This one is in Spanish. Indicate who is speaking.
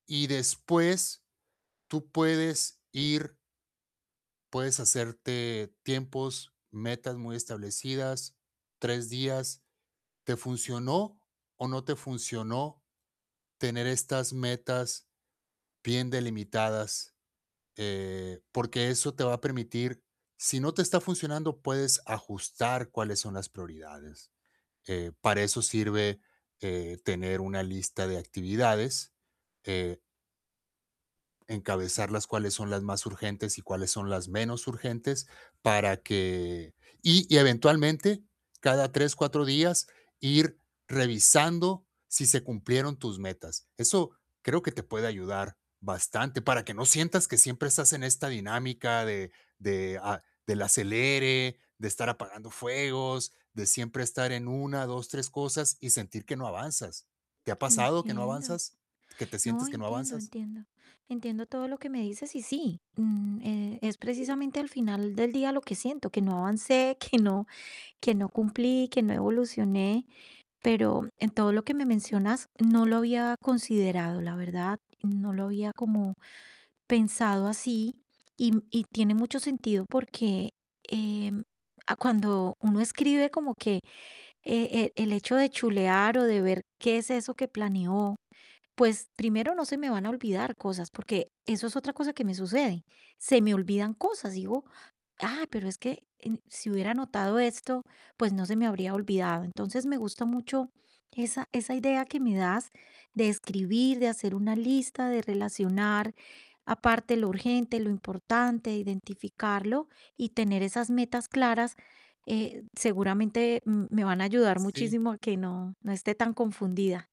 Speaker 1: Y después tú puedes ir puedes hacerte tiempos, metas muy establecidas, 3 días. ¿Te funcionó, o no te funcionó? Tener estas metas, bien delimitadas. Eh, porque eso te va a permitir, si no te está funcionando, puedes ajustar, cuáles son las prioridades. Eh, para eso sirve, eh, tener una lista de actividades, eh encabezarlas cuáles son las más urgentes, y cuáles son las menos urgentes, para que y y eventualmente, cada 3, 4 días, ir revisando, si se cumplieron tus metas, eso creo que te puede ayudar bastante, para que no sientas, que siempre estás en esta dinámica, de de a del acelere, de estar apagando fuegos, de siempre estar en 1, 2, 3 cosas, y sentir que no avanzas, ¿te ha pasado que no
Speaker 2: Entiendo.
Speaker 1: avanzas? ¿Qué te
Speaker 2: No,
Speaker 1: sientes que no
Speaker 2: entiendo,
Speaker 1: avanzas?
Speaker 2: entiendo. Entiendo todo lo que me dices, y sí, mm, eh, es precisamente, al final del día lo que siento, que no avancé, que no que no cumplí, que no evolucioné. Pero, en todo lo que me mencionas, no lo había considerado, la verdad, no lo había como pensado así. Y y tiene mucho sentido. porque, em, ah, cuando uno escribe, como que e e el hecho de chulear, o de ver, qué es eso que planeó, pues, primero, no se me van a olvidar cosas, porque eso es otra cosa que me sucede, se me olvidan cosas, digo: "Ah, pero es que en si hubiera anotado esto, pues, no se me habría olvidado". Entonces, me gustó mucho, esa esa idea que me das, de escribir, de hacer una lista, de relacionar aparte, lo urgente, lo importante, identificarlo. Y tener esas metas claras, eh, seguramente, mm, me van a ayudar
Speaker 1: Sí.
Speaker 2: muchísimo, que no no esté tan confundida.